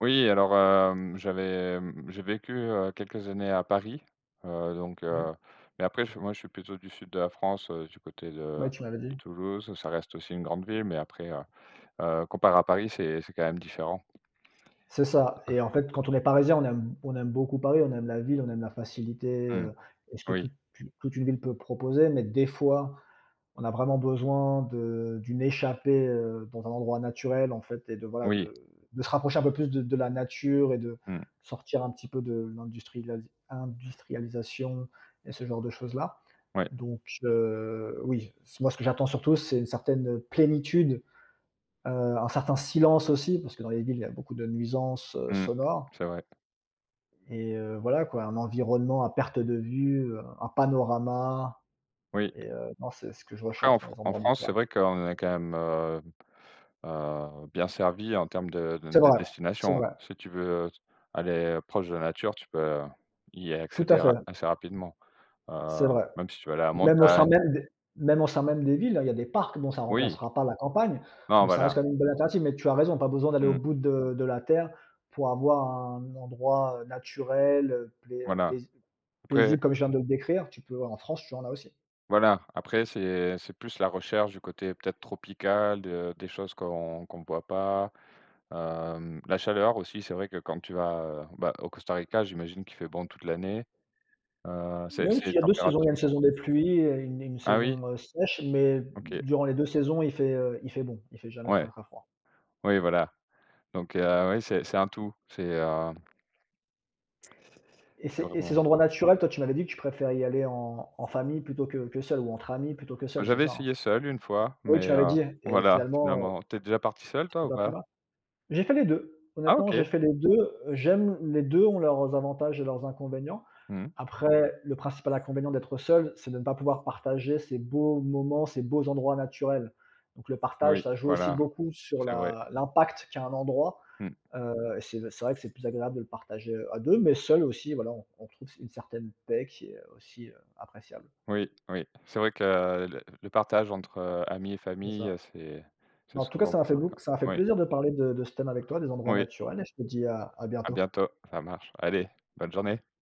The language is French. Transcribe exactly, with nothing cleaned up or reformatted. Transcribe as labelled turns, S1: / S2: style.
S1: Oui, alors, hem, j'avais j'ai vécu, heu, quelques années à Paris, heu, donc,
S2: Oui.
S1: heu, mais après, je moi je suis plutôt du sud de la France, heu, du côté de
S2: Ouais, tu m'avais
S1: de
S2: dit.
S1: Toulouse, ça reste aussi une grande ville mais après, heu, heu, comparé à Paris, c'est c'est quand même différent.
S2: C'est ça et en fait, quand on est parisien, on aime on aime beaucoup Paris, on aime la ville, on aime la facilité,
S1: Mmh.
S2: heu, et ce que
S1: Oui.
S2: toute, heu, toute une ville peut proposer, mais des fois, on a vraiment besoin de d'une échappée, heu, dans un endroit naturel, en fait, et de voilà,
S1: Oui.
S2: de de se rapprocher un peu plus de de la nature et de
S1: Mmh.
S2: sortir un petit peu de l'industrilali industrialisation et ce genre de choses-là.
S1: Ouais.
S2: Donc, heu, oui, ce moi, ce que j'attends, surtout, c'est une certaine, heu, plénitude. Heu, un certain silence, aussi, parce que dans les villes, il y a beaucoup de nuisances, heu,
S1: Mmh.
S2: sonores
S1: C'est vrai.
S2: et heu, voilà quoi, un environnement à perte de vue, heu, un panorama
S1: Oui.
S2: et heu, non, c'est ce que je
S1: Après,
S2: recherche
S1: en
S2: dans
S1: Fran
S2: les
S1: en
S2: endroits
S1: France, c'est
S2: naturels.
S1: vrai qu'on est quand même, heu, heu, bien servi en termes de
S2: C'est
S1: de
S2: vrai, c'est
S1: destination,
S2: vrai.
S1: si tu veux, heu, aller proche de la nature, tu peux y
S2: Tout à
S1: accéder
S2: fait.
S1: ra assez rapidement,
S2: C'est
S1: heu,
S2: vrai.
S1: même si tu veux aller à la
S2: Même au sein
S1: montagne
S2: même des même au sein même des villes, hein, il y a des parcs. Bon, ça
S1: Oui.
S2: remplacera pas la campagne,
S1: Non,
S2: mais ça reste
S1: voilà.
S2: quand même une bonne alternative, mais tu as raison, pas besoin d'aller au
S1: Mmh.
S2: bout de de la terre pour avoir un endroit, heu, naturel, heu, plai heu, pais
S1: Voilà. Après
S2: paisible comme je viens de le décrire, tu peux en France, tu en as aussi.
S1: voilà, après c'est c'est plus la recherche du côté peut-être tropical de des choses qu'on qu'on voit pas, hem, la chaleur, aussi, c'est vrai que quand tu vas, heu, bah, au Costa Rica, j'imagine qu'il fait bon toute l'année. Heu, c'est
S2: Même
S1: c'est
S2: s'il y a deux saisons, il y a une
S1: températures, heu
S2: saison des pluies et une une
S1: Ah oui?
S2: saison, heu, sèche, mais
S1: OK.
S2: durant les deux saisons, il fait, heu, il fait bon, il fait jamais très,
S1: Ouais.
S2: très froid.
S1: Oui, voilà. Donc, heu, oui, c'est c'est un tout, c'est, heu
S2: Et
S1: C'est
S2: ces et ces
S1: vraiment
S2: endroits naturels, toi, tu m'avais dit que tu préfères y aller en en famille plutôt que que seul, ou entre amis plutôt que
S1: Heu,
S2: seul, c'est
S1: j'avais
S2: ça, hein?
S1: essayé seul, une fois,
S2: Oui, tu
S1: mais,
S2: m'avais
S1: heu,
S2: dit, hein? Et
S1: voilà,
S2: finalement, heu
S1: finalement, tu es déjà parti seul toi
S2: C'est
S1: ou
S2: pas plus
S1: pas?
S2: ma J'ai fait les deux,
S1: Ah,
S2: honnêtement, j'ai
S1: OK.
S2: fait les deux, heu, j'aime, les deux ont leurs avantages et leurs inconvénients.
S1: Mmh.
S2: Après, le principal inconvénient d'être seul, c'est de ne pas pouvoir partager ces beaux moments, ces beaux endroits naturels. Donc le partage,
S1: Oui,
S2: ça joue aussi
S1: voilà,
S2: beaucoup sur
S1: c'est vrai.
S2: la l'impact qu'a un endroit,
S1: Mmh.
S2: heu et c'est d c'est vrai que c'est plus agréable de le partager, heu, à deux, mais seul aussi, voilà, on trouve une certaine paix qui est, heu, aussi, heu, appréciable.
S1: Oui. Oui. C'est vrai que le le partage entre, heu, amis et
S2: C'est ça.
S1: famille, c'est
S2: Mais
S1: c'est
S2: en tout cas,
S1: souvent
S2: ça m'a
S1: plus
S2: fait bou
S1: marquant.
S2: ça m'a fait
S1: Oui.
S2: plaisir de te parler de de ce thème avec toi, des endroits
S1: Oui.
S2: naturels et je te dis à à
S1: À
S2: bientôt.
S1: bientôt, ça marche. Allez, bonne journée.